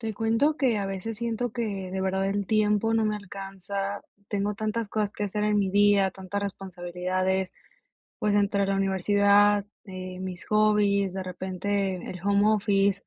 Te cuento que a veces siento que, de verdad, el tiempo no me alcanza. Tengo tantas cosas que hacer en mi día, tantas responsabilidades, pues entre la universidad, eh, mis hobbies, de repente el home office,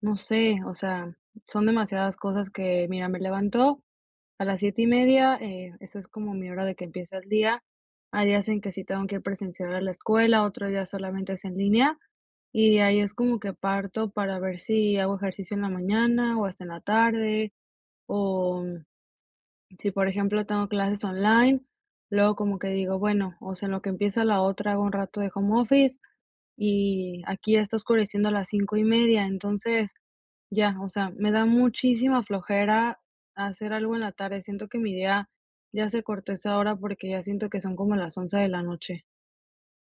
no sé, o sea, son demasiadas cosas que, mira, me levanto a las 7 y media, eh, esa es como mi hora de que empieza el día. Hay días en que sí tengo que ir presencial a la escuela, otro día solamente es en línea, y ahí es como que parto para ver si hago ejercicio en la mañana o hasta en la tarde, o si, por ejemplo, tengo clases online, luego como que digo: "Bueno, o sea, en lo que empieza la otra, hago un rato de home office", y aquí ya está oscureciendo a las 5 y media, entonces, ya, o sea, me da muchísima flojera hacer algo en la tarde, siento que mi día ya se cortó a esa hora porque ya siento que son como las 11 de la noche.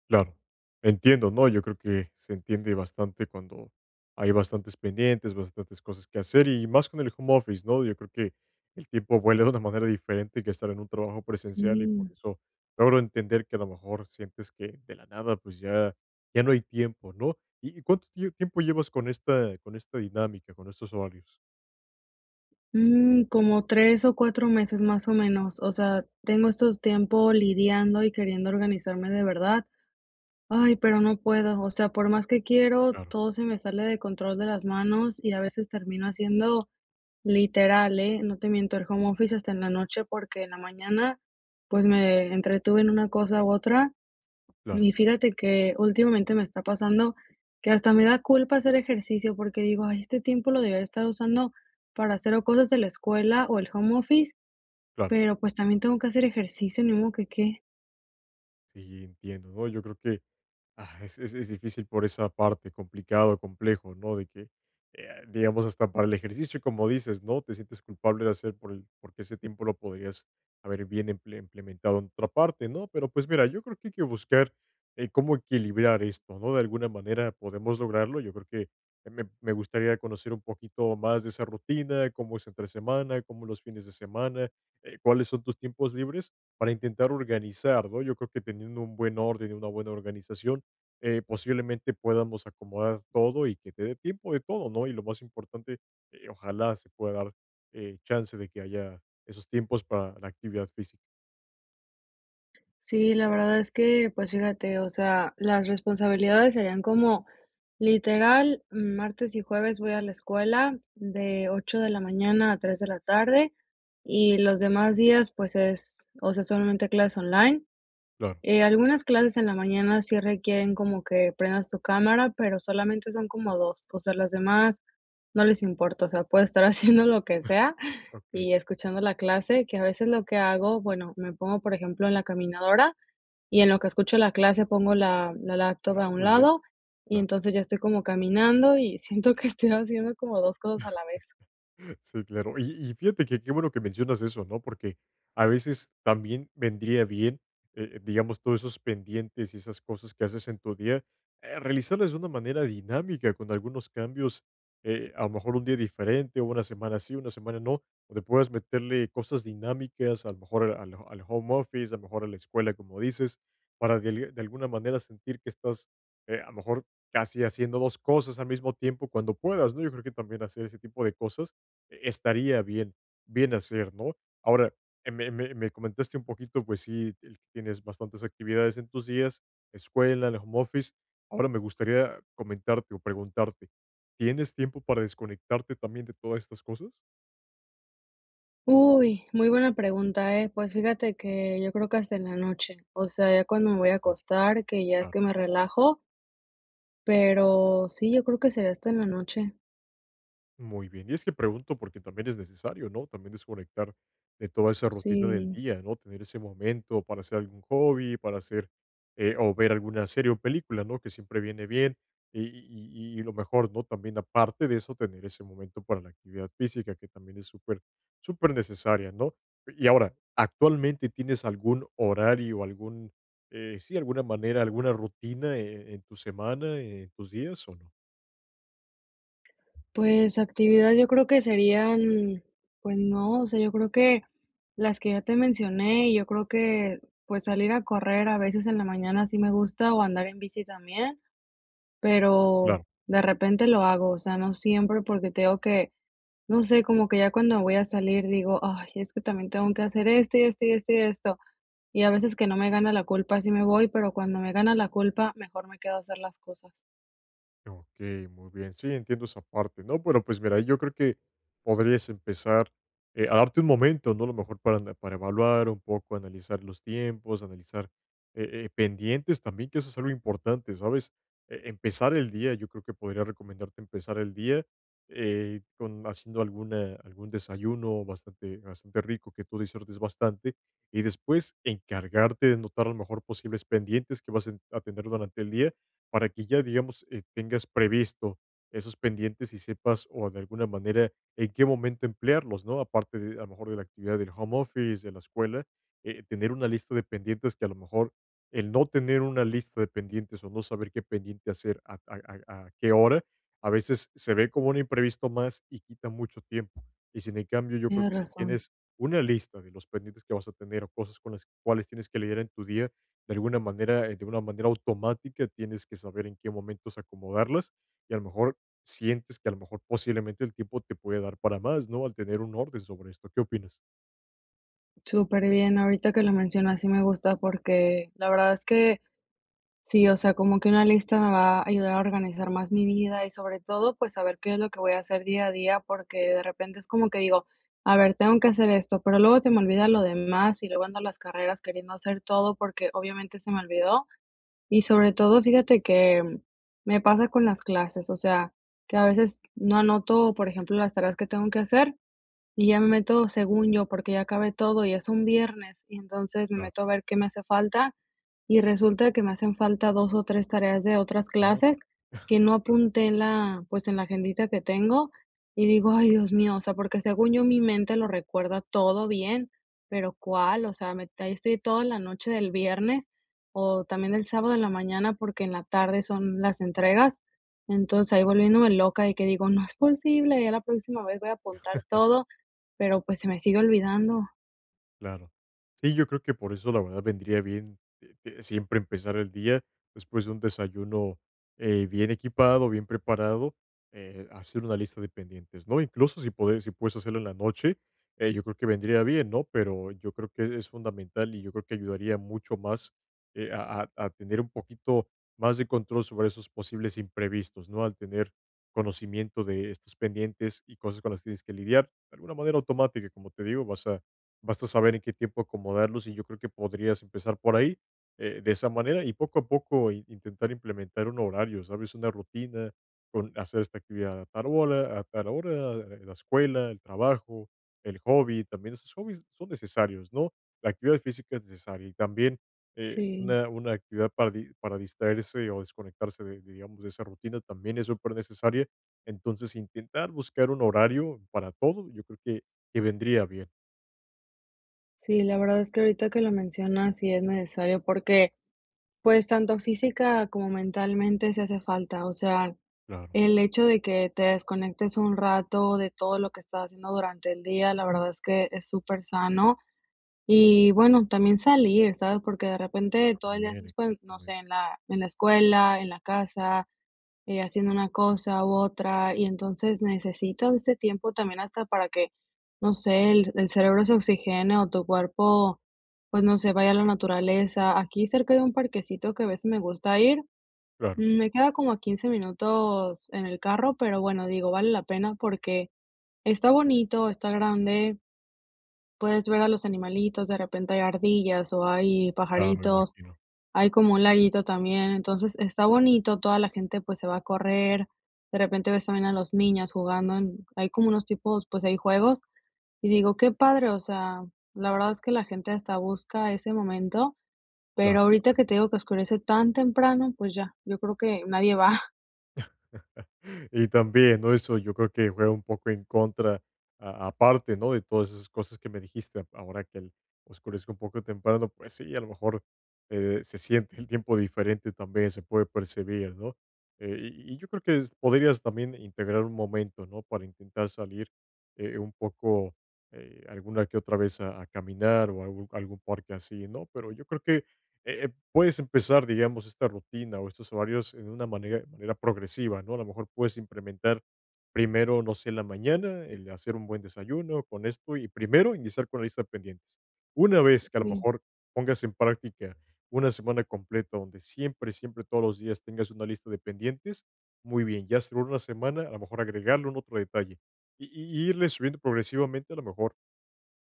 Claro, entiendo, ¿no?, yo creo que se entiende bastante cuando hay bastantes pendientes, bastantes cosas que hacer, y más con el home office, ¿no? Yo creo que el tiempo vuela de una manera diferente que estar en un trabajo presencial, y por Sí. eso logro entender que a lo mejor sientes que, de la nada, pues, ya ya no hay tiempo, ¿no?, ¿y y cuánto tio tiempo llevas con esta con esta dinámica, con estos horarios? Mm, como 3 o 4 meses, más o menos, o sea, tengo estos tiempo lidiando y queriendo organizarme de verdad. Ay, pero no puedo, o sea, por más que quiero, Claro. todo se me sale de control de las manos y a veces termino haciendo literal, ¿eh? No te miento, el home office hasta en la noche, porque en la mañana, pues, me entretuve en una cosa u otra. Claro. Y fíjate que, últimamente, me está pasando que hasta me da culpa hacer ejercicio, porque digo: "Ay, este tiempo lo debí haber estado usando para hacer o cosas de la escuela o el home office, Claro. pero, pues, también tengo que hacer ejercicio, ni modo que qué?". Y, entiendo, ¿no? Yo creo que, ah, es es difícil por esa parte complicado, complejo, ¿no? De que, eh, digamos, hasta para el ejercicio, como dices, ¿no? Te sientes culpable de hacer por el porque ese tiempo lo podrías haber bien imple implementado en otra parte, ¿no? Pero, pues, mira, yo creo que hay que buscar, eh, cómo equilibrar esto, ¿no? De alguna manera podemos lograrlo, yo creo que que me me gustaría conocer un poquito más de esa rutina, cómo es entre semana, cómo los fines de semana, eh, cuáles son tus tiempos libres para intentar organizar, ¿no? Yo creo que teniendo un buen orden y una buena organización, eh, posiblemente, podamos acomodar todo y que te dé tiempo de todo, ¿no? Y lo más importante, eh, ojalá se pueda dar, eh, chance de que haya esos tiempos para la actividad física. Sí, la verdad es que, pues, fíjate, o sea, las responsabilidades serían como, literal, martes y jueves voy a la escuela, de 8 de la mañana a 3 de la tarde, y los demás días, pues, es, o sea, solamente clases online. Claro. Eh, algunas clases en la mañana sí requieren como que prendas tu cámara, pero solamente son como 2, o sea, las demás no les importa, o sea, puedo estar haciendo lo que sea Okey. y escuchando la clase, que a veces lo que hago, bueno, me pongo, por ejemplo, en la caminadora, y en lo que escucho la clase pongo la Ah, laptop a un muy bien. lado, y Claro. entonces, ya estoy como caminando y siento que estoy haciendo como 2 cosas a la vez. Sí, claro. Y y fíjate que qué bueno que mencionas eso, ¿no? Porque, a veces, también vendría bien, eh, digamos, todos esos pendientes y esas cosas que haces en tu día, eh, realizarlas de una manera dinámica con algunos cambios, eh, a lo mejor, un día diferente, o una semana sí, una semana no, donde puedas meterle cosas dinámicas, a lo mejor al al home office, a lo mejor a la escuela, como dices, para de de alguna manera sentir que estás, eh, a lo mejor, casi haciendo 2 cosas al mismo tiempo, cuando puedas, ¿no? Yo creo que también hacer ese tipo de cosas estaría bien bien hacer, ¿no? Ahora, me me me comentaste un poquito, pues, sí, el que tienes bastantes actividades en tus días, escuela, el home office. Ahora me gustaría comentarte o preguntarte, ¿tienes tiempo para desconectarte también de todas estas cosas? Uy, muy buena pregunta, eh. Pues, fíjate que yo creo que hasta en la noche, o sea, ya cuando me voy a acostar, que ya es Claro. que me relajo pero sí, yo creo que sería hasta en la noche. Muy bien, y es que pregunto, porque también es necesario, ¿no? También desconectar de toda esa rutina del Sí. día, ¿no? Tener ese momento para hacer algún hobby, para hacer eh, o ver alguna serie o película, ¿no? Que siempre viene bien, y y y lo mejor, ¿no? También aparte de eso, tener ese momento para la actividad física, que también es súper, súper necesaria, ¿no? Y ahora, ¿actualmente tienes algún horario, algún eh, sí, alguna manera, alguna rutina e en tu semana, en tus días, o no? Pues, actividad yo creo que serían pues no, o sea, yo creo que las que ya te mencioné, yo creo que, pues, salir a correr a veces en la mañana sí me gusta, o andar en bici también, pero, Claro. de repente lo hago, o sea, no siempre, porque te digo que, no sé, como que ya cuando voy a salir digo: "Ay es que también tengo que hacer esto, y esto, y esto, y esto". Y a veces que no me gana la culpa, sí me voy, pero cuando me gana la culpa mejor me quedo a hacer las cosas. Okey, muy bien. Sí, entiendo esa parte, ¿no? Pero, pues, mira, yo creo que podrías empezar, eh, a darte un momento, ¿no? A lo mejor para ana para evaluar un poco, analizar los tiempos, analizar, eh eh, pendientes también, que eso es algo importante, ¿sabes? Eh, empezar el día, yo creo que podría recomendarte empezar el día, eh, con, haciendo alguna algún desayuno bastante bastante rico, que tú disfrutes bastante. Y después encargarte de notar a lo mejor posibles pendientes que vas a a tener durante el día, para que ya, digamos, tengas previsto esos pendientes, y sepas, o de alguna manera, en qué momento emplearlos, ¿no? Aparte de, a lo mejor, de la actividad del home office, de la escuela, eh, tener una lista de pendientes que, a lo mejor, el no tener una lista de pendientes, o no saber qué pendiente hacer a a-a a qué hora, a veces se ve como un imprevisto más y quita mucho tiempo. Y sin en cambio, yo creo Tienes que si razón. tienes una lista de los pendientes que vas a tener, o cosas con las cuales tienes que lidiar en tu día, de alguna manera, de una manera automática, tienes que saber en qué momentos acomodarlas, y a lo mejor sientes que a lo mejor posiblemente el tiempo te puede dar para más, ¿no? Al tener un orden sobre esto. ¿Qué opinas? Súper bien, ahorita que lo menciono, sí me gusta, porque la verdad es que sí, o sea, como que una lista me va a ayudar a organizar más mi vida. Y sobre todo, pues, a ver qué es lo que voy a hacer día a día, porque de repente es como que digo: "A ver, tengo que hacer esto", pero luego se me olvida lo Cai demás, y luego ando a las carreras queriendo hacer todo porque, obviamente, se me olvidó. Y, sobre todo, fíjate que me pasa con las clases, o sea, que a veces no anoto, por ejemplo, las tareas que tengo que hacer, y ya me meto según yo, porque ya acabé todo, ya es un viernes, y entonces me Claro. meto a ver qué me hace falta, y resulta que me hacen falta 2 o 3 tareas de otras Oh. clases, que no Claro. apunté en la, pues, en la agendita que tengo, y digo: "Ay, Dios mío", o sea, porque según yo, mi mente lo recuerda todo bien, pero, ¿cuál? O sea, me ahí estoy toda la noche del viernes, o también el sábado en la mañana, porque en la tarde son las entregas. Entonces, ahí volviéndome loca de que digo: "No es posible, ya la próxima vez voy a apuntar todo", pero, pues, se me sigue olvidando. Claro. Sí, yo creo que por eso, la verdad, vendría bien, eh, siempre empezar el día después de un desayuno, eh, bien equipado, bien preparado, eh, hacer una lista de pendientes, ¿no? Incluso si puedes si puedes hacerla en la noche, eh, yo creo que vendría bien, ¿no? Pero yo creo que es fundamental y yo creo que ayudaría mucho más, eh, a a a tener un poquito más de control sobre esos posibles imprevistos, ¿no? Al tener conocimiento de estos pendientes y cosas con las tienes que lidiar. Alguna manera automática, como te digo, vas a vas a saber en qué tiempo acomodarlos, y yo creo que podrías empezar por ahí, eh, de esa manera, y poco a poco in intentar implementar un horario, ¿sabes?, una rutina con hacer esta actividad a tal hora a tal hora, la escuela, el trabajo, el hobby, también esos hobbies son necesarios, ¿no? La actividad física es necesaria y también, eh, Sí. una una actividad para di para distraerse o desconectarse de digamos, de esa rutina también es supernecesaria. Entonces, intentar buscar un horario para todo, yo creo que que vendría bien. Sí, la verdad es que ahorita que lo mencionas, sí es necesario porque, pues, tanto física como mentalmente, sí hace falta, o sea, Claro. el hecho de que te desconectes un rato de todo lo que estás haciendo durante el día, la verdad es que es super sano. Y bueno, también salir, ¿sabes? Porque de repente, todo el día También, estás, no sé, exactamente. en la en la escuela, en la casa, eh, haciendo una cosa u otra, y entonces necesitas ese tiempo también hasta para que, no sé, el el cerebro se oxigene o tu cuerpo, pues, no sé, vaya a la naturaleza. Aquí cerca de un parquecito que a veces me gusta ir, Claro. me queda como a 15 minutos en el carro, pero bueno, digo, vale la pena porque está bonito, está grande puedes ver a los animalitos, de repente hay ardillas o hay Claro, pajaritos, imagino. hay como un laguito también. Entonces, está bonito, toda la gente, pues, se va a correr. De repente ves también a los niños jugando en Hay como unos tipos pues, hay juegos y digo: "Qué padre", o sea, la verdad es que la gente hasta busca ese momento, Claro. pero ahorita que te digo que oscurece tan temprano, pues ya, yo creo que nadie va. Y también, ¿no? Eso yo creo que juega un poco en contra, aparte, ¿no?, de todas esas cosas que me dijiste. Ahora que el oscurece un poco temprano, pues sí, a lo mejor, eh, se siente el tiempo diferente también, se puede percibir, ¿no? Eh, y y yo creo que es podrías también integrar un momento, ¿no?, para intentar salir, eh, un poco, eh, alguna que otra vez a a caminar o a algu algún parque así, ¿no? Pero, yo creo que, eh, puedes empezar, digamos, esta rutina o estos horarios de una manera manera progresiva, ¿no? A lo mejor, puedes implementar primero, no sé, en la mañana, el hacer un buen desayuno con esto, y primero iniciar con la lista de pendientes. Una vez que, a lo Sí. mejor, pongas en práctica una semana completa, donde siempre siempre, todos los días tengas una lista de pendientes, muy bien. Ya, segunda semana, a lo mejor, agregarle algún otro detalle, y y irle subiendo progresivamente, a lo mejor,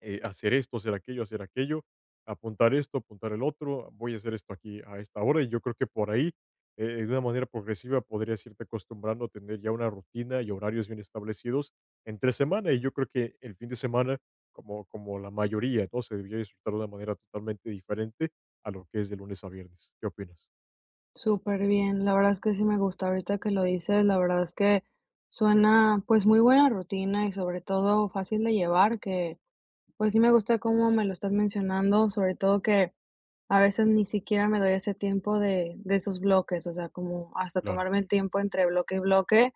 eh, hacer esto, hacer aquello hacer aquello, apuntar esto, apuntar el otro, voy a hacer esto aquí a esta hora, y yo creo que por ahí, eh, de una manera progresiva, podrías irte acostumbrando a tener ya una rutina y horarios bien establecidos entre semana, y yo creo que el fin de semana, como como la mayoría, ¿no?, se debería disfrutar de una manera totalmente diferente a lo que es de lunes a viernes. ¿Qué opinas? Súper bien, la verdad es que sí me gusta. Ahorita que lo dices, la verdad es que suena, pues, muy buena rutina y sobre todo fácil de llevar, que pues sí me gusta cómo me lo estás mencionando, sobre todo que a veces ni siquiera me doy ese tiempo de de esos bloques, o sea, como hasta Claro. tomarme el tiempo entre bloque y bloque,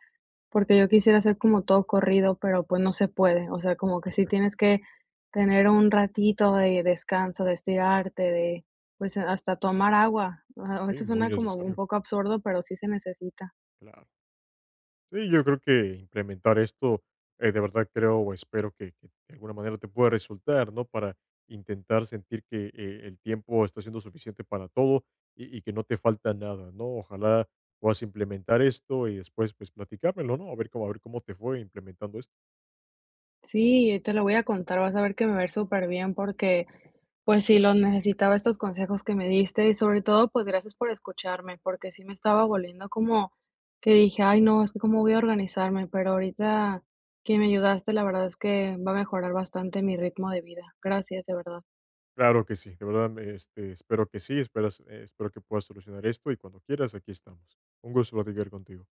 porque yo quisiera hacer como todo corrido, pero pues no se puede, o sea como que sí Exacto. tienes que tener un ratito de descanso, de estirarte, de pues, hasta tomar agua. A a Si, veces muy suena como un necesario. poco absurdo, pero sí se necesita. Claro. Sí, yo creo que implementar esto, eh, de verdad creo o espero que que de alguna manera te pueda resultar, ¿no?, para intentar sentir que, eh, el tiempo está siendo suficiente para todo, y y que no te falta nada, ¿no? Ojalá puedas implementar esto y después, pues, platicármelo, ¿no? A ver cómo a ver cómo te fue implementando esto. Sí, y te lo voy a contar, vas a ver que me va a ver superbién porque, pues sí, los necesitaba estos consejos que me diste y sobre todo, pues gracias por escucharme, porque sí me estaba volviendo como que dije: "Ay no, ¿es que cómo voy a organizarme?", pero ahorita que me ayudaste, la verdad es que va a mejorar bastante mi ritmo de vida. Gracias, de verdad. Claro que sí, de verdad, me este, espero que sí, esperas espero que puedas solucionar esto, y cuando quieras aquí estamos. Un gusto platicar contigo.